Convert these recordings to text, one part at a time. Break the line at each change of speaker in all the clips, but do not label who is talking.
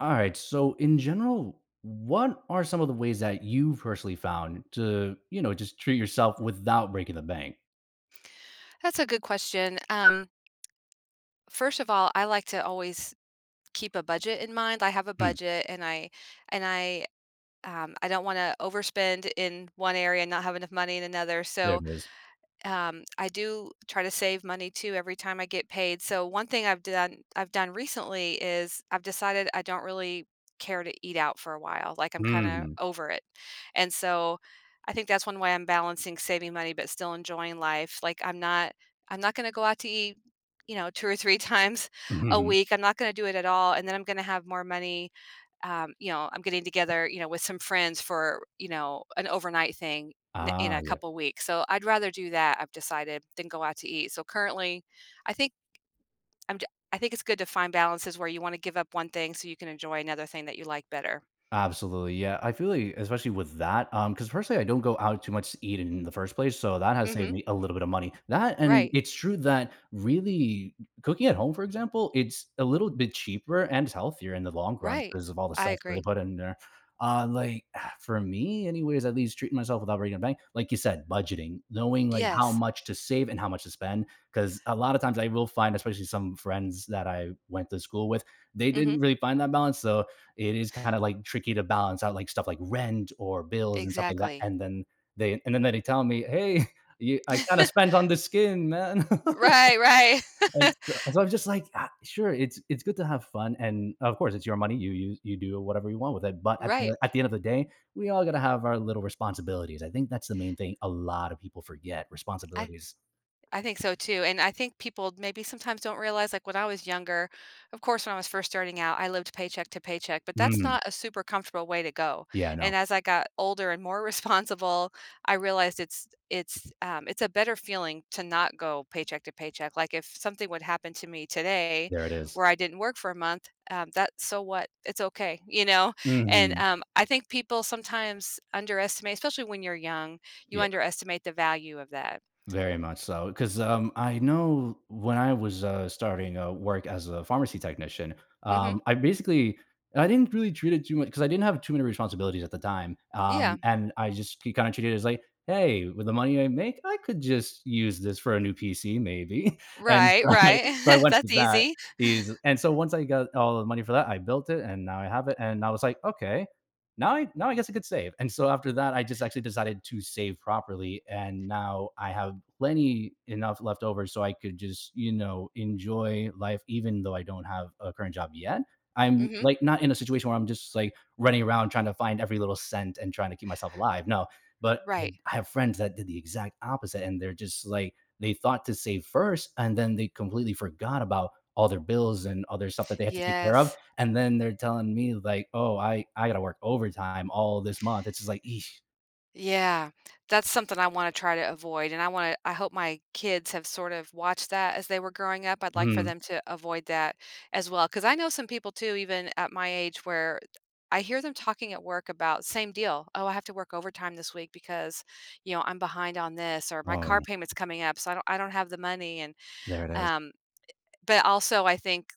Alright, so in general, what are some of the ways that you've personally found to, you know, just treat yourself without breaking the bank?
That's a good question, um First of all, I like to always keep a budget in mind, I have a
Hmm.
budget, and I and I um, I don't wanna overspend in one area and not have enough money in another,
There
so,
it is.
um, I do try to save money too every time I get paid, so one thing I've done I've done recently is I've decided I don't really care to eat out for a while, like, I'm kinda
Mhm.
over it, and so, I think that's one way I'm balancing saving money, but still enjoying life, like, I'm not I'm not gonna go out to eat, you know, 2 or 3 times a
Mhm.
week, I'm not gonna do it at all, and then I'm gonna have more money, um you know, I'm getting together, you know, with some friends for, you know, an overnight thing in in
Ah,
a
yeah.
couple weeks, so I'd rather do that, I've decided, than go out to eat, so currently, I think I'm ju I think it's good to find balances where you wanna give up one thing so you can enjoy another thing that you like better.
Absolutely, yeah, I feel like, especially with that, um 'cause, personally, I don't go out too much to eat in the first place, so that has saved
Mhm.
me a little bit of money, that and
Right.
it's true that really c cooking at home, for example, it's a little bit cheaper and is healthier in the long run
Right.
'cause of all the
I
stuff that they
agree.
put in there, uh, like, for me, anyways, at least treating myself without breaking a bank, like you said, budgeting, knowing, like, how
Yes.
much to save and how much to spend, 'cause a lot of times, I will find- especially some friends that I went to school with- they didn't
Mhm.
really find that balance, so, it is kinda, like, tricky to balance out, like, stuff like rent or bills and stuff like that,
Exactly.
and then they and then they tell me, "Hey, y I kinda spent on the skin, man,"
Right, right.
and so so I was just like, "Ah, sure, it's it's good to have fun, and, of course, it's your money, you use you do whatever you want with it, but at
Right.
the at the end of the day, we all gotta have our little responsibilities, I think that's the main thing a lot of people forget-
I th
responsibilities.
I think so too, and I think people, maybe sometimes, don't realize like, when I was younger, of course, when I was first starting out, I lived paycheck to paycheck, but that's
Mm.
not a super comfortable way to go,
Yeah,
and
no.
as I got older and more responsible, I realized it's it's, um, it's a better feeling to not go paycheck to paycheck- like, if something would happen to me today
There it is.
where I didn't work for a month, um, that's so what, it's okay, you know, and,
Mhm.
um, I think people sometimes underestimate especially when you're young, you
Yeah.
underestimate the value of that.
Very much so, 'cause, um, I know when I was, uh, starting, uh, work as a pharmacy technician, um,
Mhm.
I basically I didn't really treat it too much 'cause I didn't have too many responsibilities at the time, um,
Yeah.
and I just he kinda treated it as like, "Hey, with the money I make, I could just use this for a new PC maybe," and so
Right,
I'm like
right,
so I went
that's
with that
easy.
is and so once I got all the money for that, I built it, and now I have it, and I was like, "Okay. Now I now I guess I could save," and so after that, I just actually decided to save properly and now I have plenty enough left over so I could just, you know, enjoy life even though I don't have a current job yet. I'm,
Mhm.
like, not in a situation where I'm just, like, running around trying to find every little cent and trying to keep myself alive, no. But
Right.
I have friends that did the exact opposite, and they're just, like they thought to save first, and then they completely forgot about all their bills and other stuff that they had to take care of,
Yes.
and then they're tellin' me, like, "Oh, I I gotta work overtime all this month," it's just like, "Eesh."
Yeah. That's something I wanna try to avoid, and I wanna I hope my kids have sort of watched that as they were growing up, I'd like for
Mhm.
them to avoid that as well. 'Cause I know some people too even at my age where I hear them talking at work about, same deal, "Oh, I have to work overtime this week because, you know, I'm behind on this," or "My car
Oh.
payment's coming up, so I don't I don't have the money," and,
There it is.
um, i i but, also, I think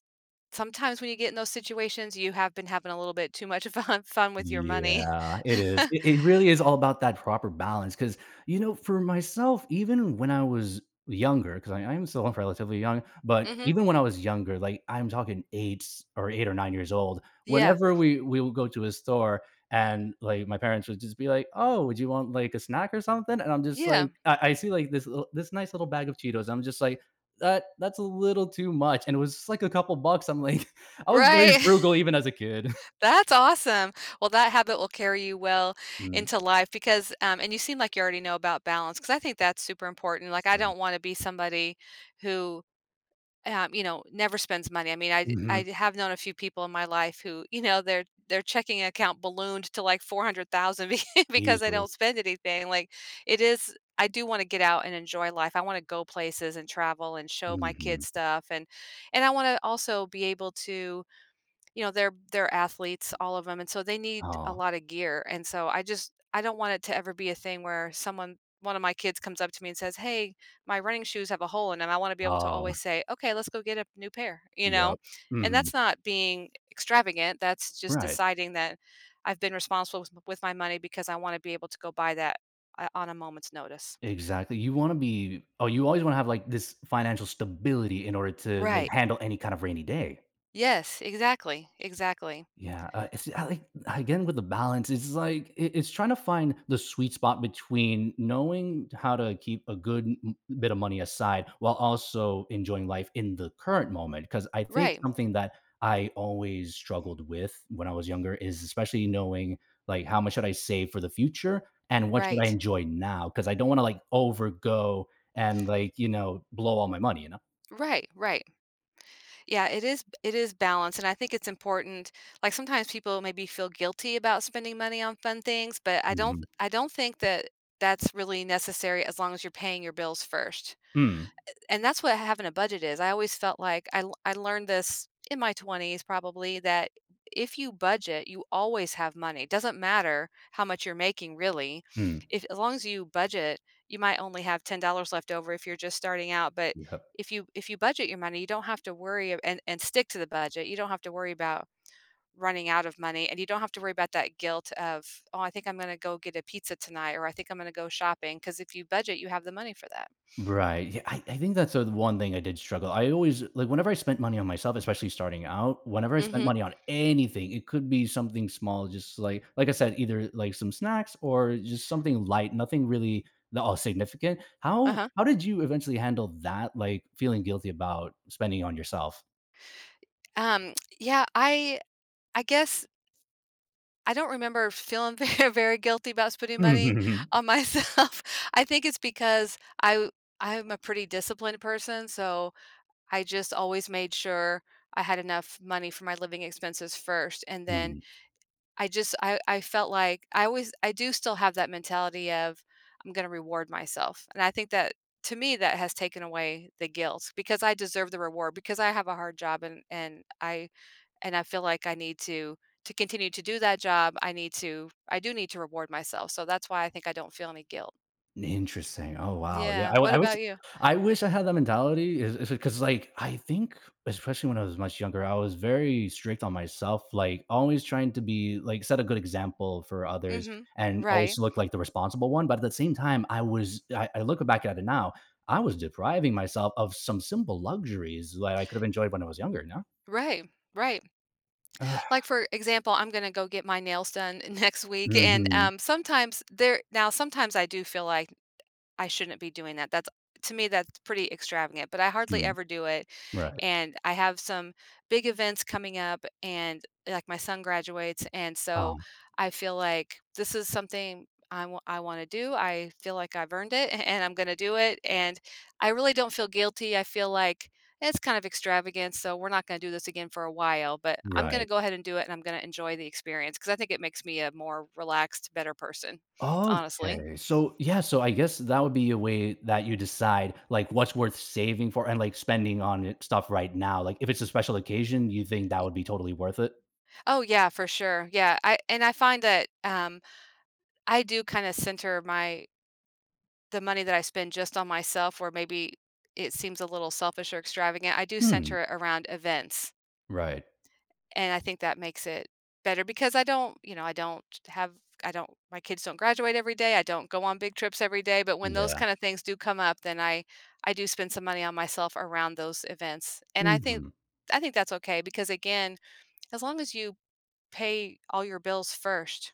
sometimes when you get in those situations, you have been having a little bit too much fun fun with your money.
Yeah, it is. It it really is all about that proper balance 'cause, you know, for myself, even when I was younger- 'cause I I am still relatively young- but,
Mhm.
even when I was younger, like, I'm talkin' 8 8 or 9 years old,
Yeah.
whenever we we'll go to a store and, like, my parents would just be like, "Oh, would you want, like, a snack or something?" and I'm just like,
Yeah.
I I see, like, this li this nice little bag of Cheetos, I'm just like, "Uh, that's a little too much," and it was just like a couple bucks, I'm like, I was very
Right.
frugal even as a kid.
That's awesome. Well, that habit will carry you well
Hm.
into life because, um and you seem like you already know about balance, 'cause I think that's super important,
It's
like, I don't
nuts.
wanna be somebody who uh, you know, never spends money, I mean, I
Mhm.
I have known a few people in my life who, you know, their their checking account ballooned to, like, $400,000 be because they
Easily.
don't spend anything, like, it is I do wanna get out and enjoy life, I wanna go places and travel and show my
Mhm.
kids stuff, and and I wanna also be able to, you know, they're they're athletes, all of 'em, and so they need a
Aw.
lot of gear, and so I just I don't want it to ever be a thing where someone one of my kids comes up to me and says, "Hey, my running shoes have a hole," and then I wanna be able to
Oh.
always say, "Okay, let's go get a new pair," you know?
Yup.
And
Mhm.
that's not being e extravagant, that's just
Right.
deciding that I've been responsible with with my money because I wanna be able to go buy that, uh, on a moment's notice.
Exactly, you wanna be oh, you always wanna have, like, this financial stability in order to, like,
Right.
handle any kind of rainy day.
Yes, exactly, exactly.
Yeah, uh, it's ah like, again with the balance, it's like, it it's trying to find the sweet spot between knowing how to keep a good m m bit of money aside while also enjoying life in the current moment, 'cause I think
Right.
something that I always struggled with when I was younger is especially knowing, like, how much should I save for the future and what should I
Right.
enjoy now 'cause I don't wanna, like, overgo and, like, you know, blow all my money, you know?
Right, right. Yeah, it is b it is balanced, and I think it's important like, sometimes people maybe feel guilty about spending money on fun things, but I don't th
Mhm.
I don't think that that's really necessary as long as you're paying your bills first.
Mm.
Eh and that's what having a budget is- I always felt like I l I learned this, in my 20s probably, that if you budget, you always have money- doesn't matter how much you're making really,
Mm.
if as long as you budget, you might only have $10 left over, if you're just starting out, but,
Yep.
if you if you budget your money, you don't have to worry- and and stick to the budget- you don't have to worry about running out of money, and you don't have to worry about that guilt of, "Oh, I think I'm gonna go get a pizza tonight," or, "I think I'm gonna go shopping," 'cause if you budget, you have the money for that.
Right, yeah, I I think that's the one thing I did struggle I always like, whenever I spent money on myself, especially starting out, whenever I spent
Mhm.
money on anything- it could be something small just like like I said, either, like, some snacks or just something light, nothing really that all significant, how
Uh-huh.
how did you eventually handle that, like, feeling guilty about spending it on yourself?
I Um, yeah, I I guess, I don't remember feeling very, very guilty about spending money
Mm.
on myself. I think it's because I w I am a pretty disciplined person, so I just always made sure I had enough money for my living expenses first and then
Mhm.
I just I I felt like I was I do still have that mentality of "I'm gonna reward myself," and I think that to me that has taken away the guilt, because I deserve the reward, because I have a hard job, and and I and I feel like I need to to continue to do that job, I need to I do need to reward myself, so that's why I think I don't feel any guilt.
Interesting. Oh wow. Yeah,
Yeah,
I wi
what
I wish
about you?
I wish I had that mentality is is it 'cause, like, I think, especially when I was much younger, I was very strict on myself, like, always trying to be like, set a good example for others
Mhm,
and always
right.
look like the responsible one, but at the same time, I was I I look back at it now, I was depriving myself of some simple luxuries that I could have enjoyed when I was younger, you know?
Right, right.
Ugh.
Like, for example, I'm gonna go get my nails done next week and,
Mhm.
um, sometimes there now sometimes I do feel like, "I shouldn't be doing that," that's to me, that's pretty extravagant, but I hardly
Mm.
ever do it,
Right.
and I have some big events coming up, and, like, my son graduates, and so,
Um
I feel like, this is something I w I wanna do, I feel like I've earned it, a and I'm gonna do it, and, I really don't feel guilty; I feel like, "It's kind of extravagant, so we're not gonna do this again for a while, but, I'm gonna
Right.
go ahead and do it, and I'm gonna enjoy the experience," 'cause I think it makes me a more relaxed, better person, honestly.
Okay, so yeah, so I guess that would be a way that you decide, like, what's worth saving for, and like, spending on, eh, stuff right now, like, if it's a special occasion, you think that
Y
would be totally worth it?
Oh, yeah, for sure, yeah, I and I find that, um, I do kinda center my the money that I spend just on myself where maybe it seems a little selfish or extravagant; I do
Hmm.
center it around events.
Right.
And I think that makes it better, because I don't you know, I don't have I don't my kids don't graduate every day, I don't go on big trips every day, but when those
Yeah.
kinda things do come up, then I I do spend some money on myself around those events, and I thin
Mhm.
I think that's okay, because again, as long as you pay all your bills first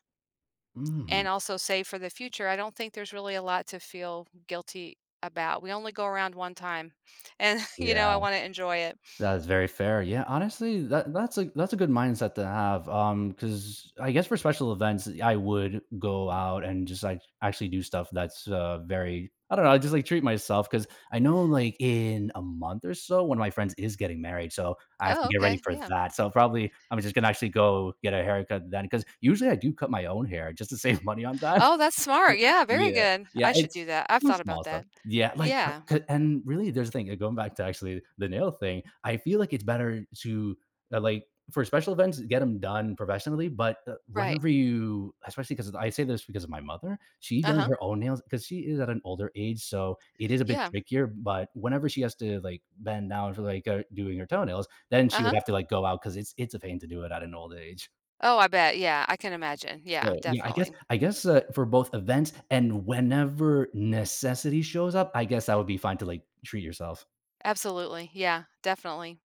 and
Mhm.
also save for the future, I don't think there's really a lot to feel guilty about; we only go around 1 time, and, you
Yeah.
know, I wanna enjoy it.
That is very fair, yeah, honestly, that that's a that's a good mindset to have, um, 'cause, I guess, for special events, I would go out and just, like, actually do stuff that's uh, very I don't know, I just, like, treat myself, 'cause I know, like, in a month or so, 1 of my friends is getting married so, I have to
Oh,
get ready
okay,
for
yeah.
that, so probably, I'm just gonna actually go get a haircut then- 'cause, usually, I do cut my own hair just to save money on that.
Oh, that's smart, yeah, very
Yeah,
good.
yeah,
I should
it's
do that, I've
the
thought about
small stuff.
that.
Yeah, like, uh
Yeah.
c and, really, there's a thing going back to actually the nail thing, I feel like it's better to, uh like, for special events, get 'em done professionally, but, uh,
Right.
whenever you especially, 'cause I say this because of my mother, she does
Uh-huh.
her own nails- 'cause she is at an older age so, it is a bit
Yeah.
trickier, but whenever she has to, like, bend down for, like uh, doing her toenails, then she would
Uh-huh.
have to, like, go out because it's it's a pain to do it at an old age.
Oh, I bet, yeah, I can imagine, yeah,
So, yeah, I guess
definitely.
I guess, uh, for both events and whenever necessity shows up, I guess that would be fine to, like, treat yourself.
Absolutely, yeah, definitely.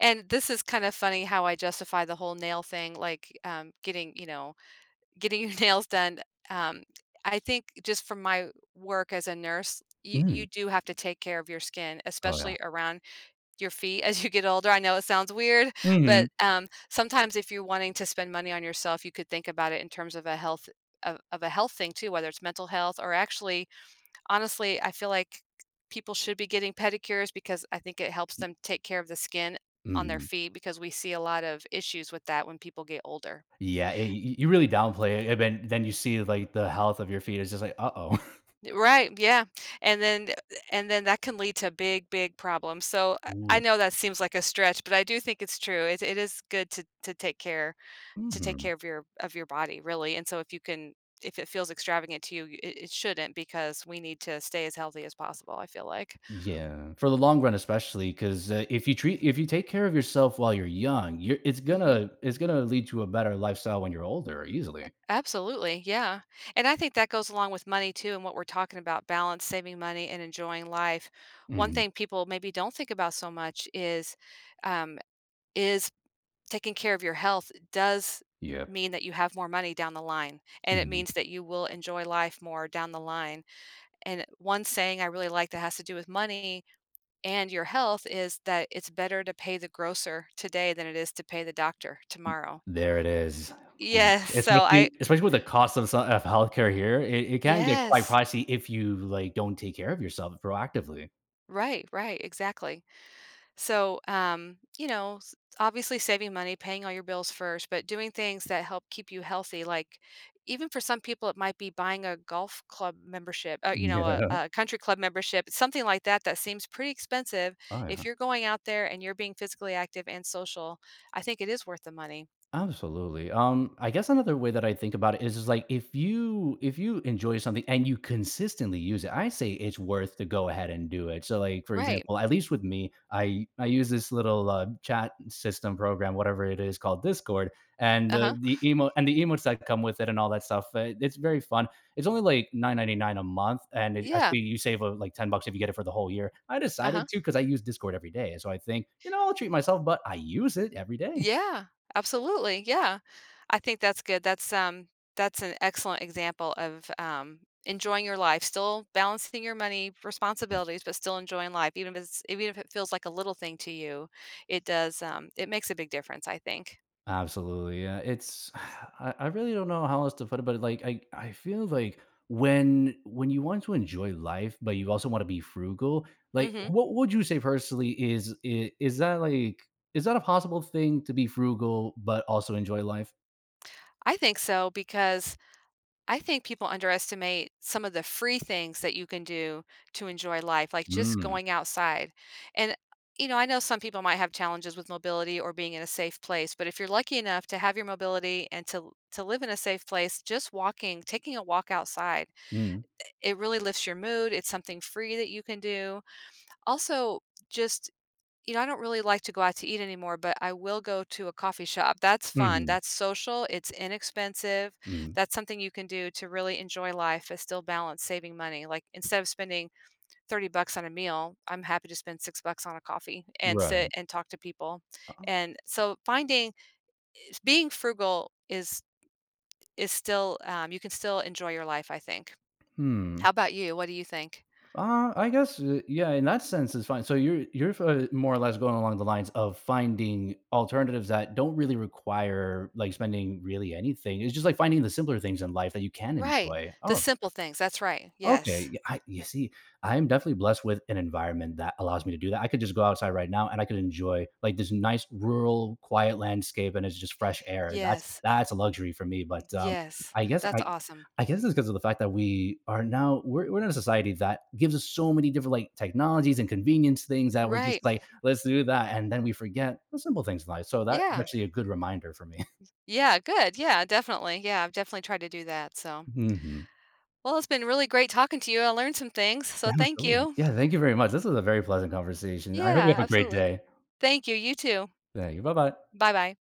And this is kind of funny how I justify the whole "nail" thing, like, um, getting you know, getting your nails done, um I think just from my work as a nurse, y
Mm.
you do have to take care of your skin,
Oh, yeah.
especially around your feet as you get older; I know it sounds weird, but,
Mhm.
um, sometimes if you're wanting to spend money on yourself, you could think about it in terms of a health of of a health thing too, whether it's mental health or actually honestly, I feel like k people should be getting pedicures because I think it helps
M
them take care of the skin on their
Mhm.
feet, because we see a lot of issues with that when people get older.
Yeah, y y you really downplay it, eh, ben then you see, like, the health of your feet, it's just like, "Uh-oh."
I right, yeah. And then eh, eh, and then that can lead to big, big problems, so I
Ooh,
I
yeah.
know that seems like a stretch, but I do think it's true; it it is good to to take care to take
Mhm.
care of your of your body, really, and so if you can if it feels extravagant to you, it it shouldn't because we need to stay as healthy as possible, I feel like.
Yeah, for the long run, especially, 'cause, uh, if you treat if you take care of yourself while you're young, you're it's
Mhm.
gonna it's gonna lead to a better lifestyle when you're older, easily.
A absolutely, yeah. And I think that goes along with money too, and what we're talking about balance, saving money, and enjoying life one
Mhm.
thing people maybe don't think about so much is, um is taking care of your health does
Yep.
mean that you have more money down the line, and it
Mhm.
means that you will enjoy life more down the line, and one saying I really like that has to do with money and your health is that, "It's better to pay the grocer today than it is to pay the doctor tomorrow."
N there it is, um,
Yes, so
especially
I
especially with the costs of s of health care here, it it can get quite
Yes.
pricey if you, like, don't take care of yourself proactively.
Right, right, exactly. So, um, you know, s obviously, saving money, paying all your bills first, but doing things that help keep you healthy, like even for some people, it might be buying a golf club membership uh, you know, a
Yeah.
a country club membership, something like that, that seems pretty expensive.
Oh, yeah.
If you're going out there and you're being physically active and social, I think it is worth the money.
Absolutely, um, I guess another way that I think about it is is like, if you if you enjoy something and you consistently use it, I say it's worth to go ahead and do it. So, like, for
Right.
example, at least with me, I I use this little, uh, chat system program, whatever it is, called Discord, and, the
Uh-huh.
the emote and the emotes that come with it and all that stuff, uh, it's very fun. It's only, like, $9.99 a month, and it
Yeah.
actually, you save, uh, like, $10 if you get it for the whole year. I
Uh-huh.
decided to 'cause I use Discord every day and so I think, "You know, I'll treat myself," but I use it every day.
Yeah. Absolutely, yeah. I think that's good, that's, um, that's an excellent example of, um, enjoying your life, still balancing your money,
Hmm.
responsibilities, but still enjoying life, even if it's even if it feels like a little thing to you, it does um, it makes a big difference, I think.
Absolutely, yeah, it's I I really don't know how else to put it, but, it like I I feel like when when you want to enjoy life, but you also wanna be frugal, like,
Mhm.
what would you say personally is i is that, like is that a possible thing to be frugal but also enjoy life?
I think so because I think people underestimate some of the free things that you can do to enjoy life, like just
Mm.
going outside, and, you know, I know some people might have challenges with mobility or being in a safe place, but if you're lucky enough to have your mobility and to to live in a safe place, just walking taking a walk outside,
Mm.
eh, it really lifts your mood, it's something free that you can do. Also, just you know, I don't really like to go out to eat anymore, but I will go to a coffee shop- that's fun,
Mhm.
that's social, it's inexpensive.
Mm.
That's something you can do to really enjoy life and still balance saving money- like, instead of spending 30 bucks on a meal, I'm happy to spend 6 bucks on a coffee, and sit
Right.
and talk to people-
Oh.
and so, finding eh, being frugal is is still, um you can still enjoy your life, I think. How
Hmm.
about you, what do you think?
Uh, I guess, eh, yeah, in that sense, it's fine. So you're you're fi more or less going along the lines of finding alternatives that don't really require, like, spending really anything- it's just like finding the simpler things in life that you can
Right,
enjoy. Oh,
the
okay.
simple things- that's right,
Okay,
yes.
yeah, I you see, I am definitely blessed with an environment that allows me to do that- I could just go outside right now, and I could enjoy, like, this nice, rural, quiet landscape, and it's just fresh air- that's
Yes.
that's a luxury for me, but, um,
Yes,
I guess
that's
I
awesome.
I guess it's 'cause of the fact that we are now we're we're in a society that gives us so many different, like, technologies and convenience things that we're
Right.
just like, "Let's do that," and then we forget the simple things life, so that's
Yeah.
actually a good reminder for me.
Yeah, good, yeah, definitely, yeah, I've definitely tried to do that, so
Mhm.
Well, it's been really great talking to you, I learned some things, so
Yeah,
thank
absolutely.
you.
Yeah, thank you very much- this was a very pleasant conversation- I hope you
Yeah,
have a great
absolutely.
day.
Thank you, you too.
Thank you, bye bye.
Bye bye.